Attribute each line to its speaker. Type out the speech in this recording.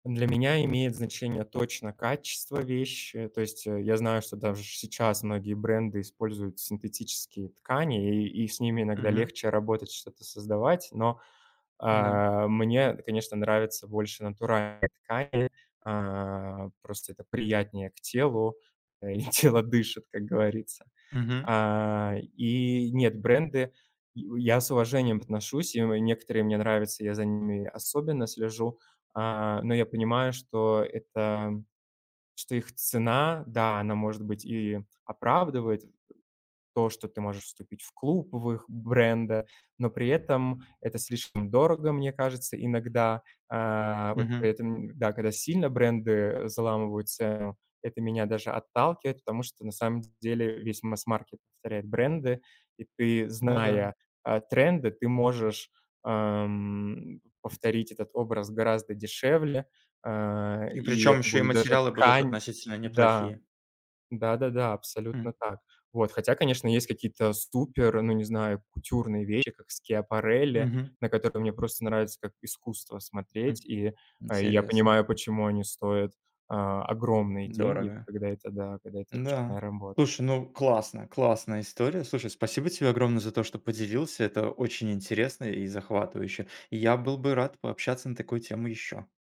Speaker 1: Для меня имеет значение точно качество вещи, то есть, э, я знаю, что даже сейчас многие бренды используют синтетические ткани, и, и, и с ними иногда
Speaker 2: Мгм.
Speaker 1: легче работать, что-то создавать. Но,
Speaker 2: М-да.
Speaker 1: э, мне, конечно, нравится больше натуральные ткани. Э, просто это приятнее к телу, э, и тело дышит, как говорится.
Speaker 2: Мгм.
Speaker 1: А, и нет, бренды, и я с уважением отношусь, и мо некоторые мне нравятся. Я за ними особенно слежу, а, но я понимаю, что это, что их цена, да, она может быть и оправдывает, то, что ты можешь вступить в клуб, в их бренда. Но при этом это слишком дорого, мне кажется, иногда. Э, вот
Speaker 2: Мгм.
Speaker 1: поэтому, да, когда сильно бренды, э, заламывают цену, это меня даже отталкивает. Потому что на самом деле весь массмаркет повторяет бренды, и ты,
Speaker 2: Ну да.
Speaker 1: зная, э, тренды, ты можешь, эм, повторить этот образ гораздо дешевле. Э,
Speaker 2: И
Speaker 1: и
Speaker 2: причём
Speaker 1: это
Speaker 2: ещё и
Speaker 1: будет даже
Speaker 2: материалы будут
Speaker 1: ткань
Speaker 2: относительно
Speaker 1: Да,
Speaker 2: неплохие.
Speaker 1: да-да-да,
Speaker 2: Хм.
Speaker 1: абсолютно так. Вот, хотя, конечно, есть какие-то супер, ну, не знаю, кутюрные вещи, как Schiaparelli,
Speaker 2: Мгм.
Speaker 1: на которые мне просто нравится как искусство
Speaker 2: Хм,
Speaker 1: смотреть. И, э, я
Speaker 2: интересно.
Speaker 1: понимаю, почему они стоят, а, огромные деньги,
Speaker 2: Дорого.
Speaker 1: когда это, да, когда это ручная
Speaker 2: Н-да,
Speaker 1: работа.
Speaker 2: слушай, ну, классно, классная история. Слушай, спасибо тебе огромное за то, что поделился. Это очень интересно и захватывающе. Я был бы рад пообщаться на такую тему ещё.